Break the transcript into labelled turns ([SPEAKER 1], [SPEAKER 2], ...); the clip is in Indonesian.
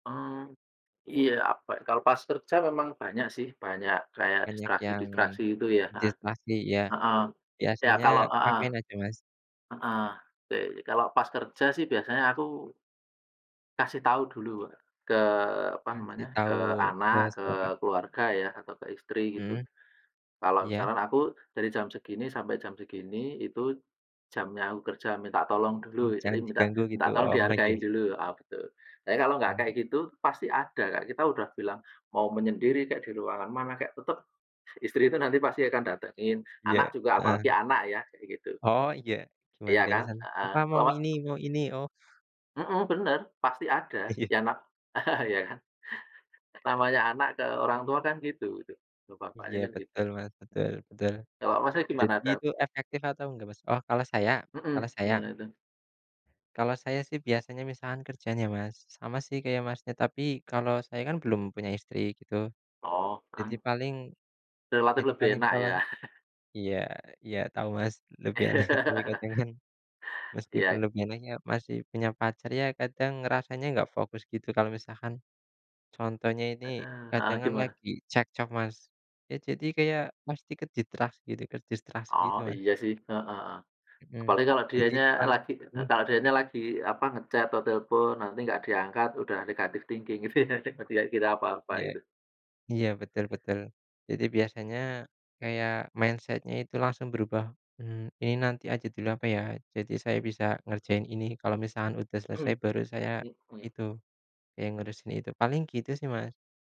[SPEAKER 1] Oh, iya, apa, kalau pas kerja memang banyak sih, banyak kayak
[SPEAKER 2] Banyak yang
[SPEAKER 1] distraksi-distraksi itu ya heeh,
[SPEAKER 2] distraksi ya,
[SPEAKER 1] heeh. Ya,
[SPEAKER 2] biasanya
[SPEAKER 1] kalau heeh,
[SPEAKER 2] ngapain aja, Mas?
[SPEAKER 1] heeh, de kalau pas kerja sih biasanya aku kasih tahu dulu, Kak, ke, apa
[SPEAKER 2] Kasih
[SPEAKER 1] namanya, ke
[SPEAKER 2] tahu
[SPEAKER 1] anak,
[SPEAKER 2] bos
[SPEAKER 1] ke
[SPEAKER 2] Bapak?
[SPEAKER 1] keluarga ya atau ke istri, gitu.
[SPEAKER 2] Mhm,
[SPEAKER 1] Kalau
[SPEAKER 2] iya.
[SPEAKER 1] misalkan aku dari jam segini, sampai jam segini, itu jamnya aku kerja minta tolong
[SPEAKER 2] Mmm,
[SPEAKER 1] dulu, jadi
[SPEAKER 2] jangan
[SPEAKER 1] minta
[SPEAKER 2] diganggu gitu,
[SPEAKER 1] minta tolong
[SPEAKER 2] oh iya.
[SPEAKER 1] dihargain dulu, oh gitu. Jadi Kalau enggak
[SPEAKER 2] Mmm.
[SPEAKER 1] kayak gitu pasti ada, Kak, kita udah bilang mau menyendiri kayak di ruangan mana kek, tetap, istri itu nanti pasti akan datengin, anak
[SPEAKER 2] Iya,
[SPEAKER 1] juga, apalagi
[SPEAKER 2] heeh.
[SPEAKER 1] anak ya, kayak gitu.
[SPEAKER 2] Oh iya, gimana
[SPEAKER 1] Iya
[SPEAKER 2] kayak
[SPEAKER 1] kan?
[SPEAKER 2] misal,
[SPEAKER 1] Heeh,
[SPEAKER 2] papa
[SPEAKER 1] kalau
[SPEAKER 2] mau
[SPEAKER 1] nggak
[SPEAKER 2] ini mau ini, oh.
[SPEAKER 1] Mhm, bener pasti ada
[SPEAKER 2] Iya.
[SPEAKER 1] yang na ya kan? Namanya anak ke orang tua kan gitu, gitu, ke bapaknya
[SPEAKER 2] Iya
[SPEAKER 1] kan gitu.
[SPEAKER 2] betul, Mas, betul betul.
[SPEAKER 1] Kalau, Masnya, gimana
[SPEAKER 2] Jadi
[SPEAKER 1] ada
[SPEAKER 2] itu efektif atau enggak, Mas? Oh, kalau saya? Kalau
[SPEAKER 1] Mhm,
[SPEAKER 2] saya?
[SPEAKER 1] gimana itu?
[SPEAKER 2] Kalau saya sih biasanya misalkan kerjanya, Mas, sama sih kayak Masnya, tapi kalau saya kan belum punya istri, gitu.
[SPEAKER 1] Oh,
[SPEAKER 2] Jadi
[SPEAKER 1] kan
[SPEAKER 2] paling
[SPEAKER 1] Relatif
[SPEAKER 2] jadi
[SPEAKER 1] lebih
[SPEAKER 2] paling
[SPEAKER 1] enak
[SPEAKER 2] kalau
[SPEAKER 1] ya?
[SPEAKER 2] iya iya tahu, Mas, lebih enak tapi kadang kan, meskipun
[SPEAKER 1] Iya.
[SPEAKER 2] lebih enak ya masih punya pacar, ya kadang rasanya enggak fokus gitu kalau misalkan, contohnya ini
[SPEAKER 1] Heeh,
[SPEAKER 2] kadang
[SPEAKER 1] heeh,
[SPEAKER 2] kan
[SPEAKER 1] gimana?
[SPEAKER 2] lagi cekcok, Mas, ya jadi kayak pasti ke distraksi gitu ke distraksi
[SPEAKER 1] Oh
[SPEAKER 2] gitu, Mas.
[SPEAKER 1] iya sih, heeh heeh,
[SPEAKER 2] Mhm,
[SPEAKER 1] apalagi kalau
[SPEAKER 2] jadi
[SPEAKER 1] dianya
[SPEAKER 2] pas
[SPEAKER 1] lagi
[SPEAKER 2] hmm?
[SPEAKER 1] kalau dianya lagi, apa, ngechat atau telepon nanti enggak diangkat udah negatif thinking gitu ya dia kira apa-apa
[SPEAKER 2] Iya
[SPEAKER 1] gitu.
[SPEAKER 2] iya, betul betul. Jadi biasanya kayak mindset-nya itu langsung berubah, mmm, Ini nanti aja dulu apa ya? Jadi saya bisa ngerjain ini kalau misalkan udah selesai, baru saya
[SPEAKER 1] Mhm,
[SPEAKER 2] itu
[SPEAKER 1] hmm.
[SPEAKER 2] kayak ngurusin itu. Paling gitu sih, Mas.